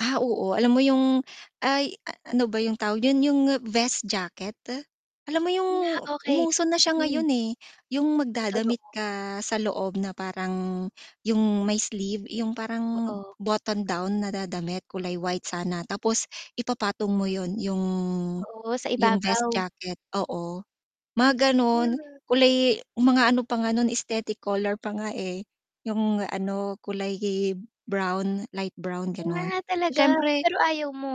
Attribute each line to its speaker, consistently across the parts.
Speaker 1: Ah, oo alam mo yung ay ano ba yung tawag dun yun yung vest jacket, alam mo yung
Speaker 2: Nga okey,
Speaker 1: umuso na siya
Speaker 2: mm.
Speaker 1: ngayon, eh, yung
Speaker 2: Ay
Speaker 1: magda-damit
Speaker 2: totoo.
Speaker 1: ka sa loob na parang yung may sleeve, yung parang
Speaker 2: Oo.
Speaker 1: botton down na da damit kulay white sana, tapos ipa-patong mo yun yung
Speaker 2: Oo, sa
Speaker 1: yung vest
Speaker 2: ibabaw.
Speaker 1: jacket, oo. Mga ganun,
Speaker 2: Mm.
Speaker 1: kulay mga ano pa nga nun aesthetic color pa nga, eh, yung ano kulay hib brown, light brown gano'n.
Speaker 2: Wow, talaga?
Speaker 1: Siyempre
Speaker 2: Pero ayaw mo?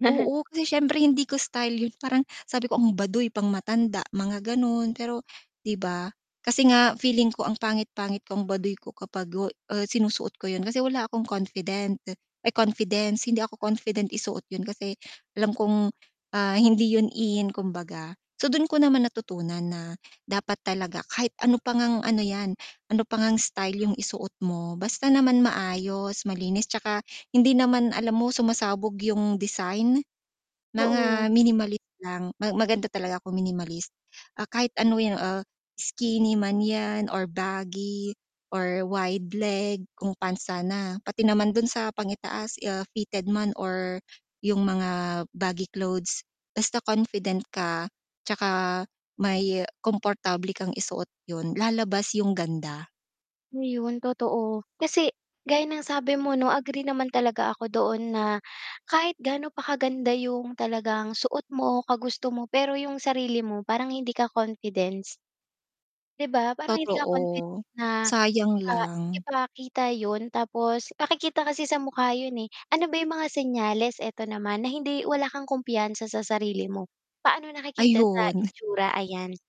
Speaker 1: Oo, kasi siyempre hindi ko style yun. Parang sabi ko ang baduy pang matanda mga gano'n, pero 'di ba? Kasi nga feeling ko ang pangit-pangit ko ang baduy ko kapag go ah, sinusuot ko yun kasi wala akong confident, ay, confidence, hindi ako confident i-suot yun kasi, alam kong, ah, hindi yun in kumbaga. So, dun ko naman natutunan na dapat talaga kahit ano pa ngang ano 'yan, ano pa ngang style yung isuot mo basta naman maayos, malinis, tsaka hindi naman alam mo sumasabog yung design,
Speaker 2: Oo.
Speaker 1: mga minimalist lang, ma maganda talaga kung minimalist. Ah, kahit ano yun, ah, skinny man yan, or baggy, or wide leg kung pants sana, pati naman dun sa pang i-taas, ah, fitted man or yung mga baggy clothes, basta confident ka tsaka may komportable kang i-suot yun la-labas yung ganda.
Speaker 2: Ayun totoo, kasi gaya ng sabi mo 'no agree naman talaga ako doon na, kahit gaano pa kaganda yung talagang suot mo, kagusto mo pero yung sarili mo parang hindi ka confidence. 'Di ba? Parang hindi ka confident
Speaker 1: Totoo,
Speaker 2: na,
Speaker 1: sayang
Speaker 2: ah,
Speaker 1: lang.
Speaker 2: ipakita yun tapos makikita kasi sa mukha yun, eh. Ano ba yung mga senyales, eto naman, na hindi wala kang kumpiyansa sa sarili mo, paano naki-kita sa
Speaker 1: Ayun.
Speaker 2: itsura? Ayan.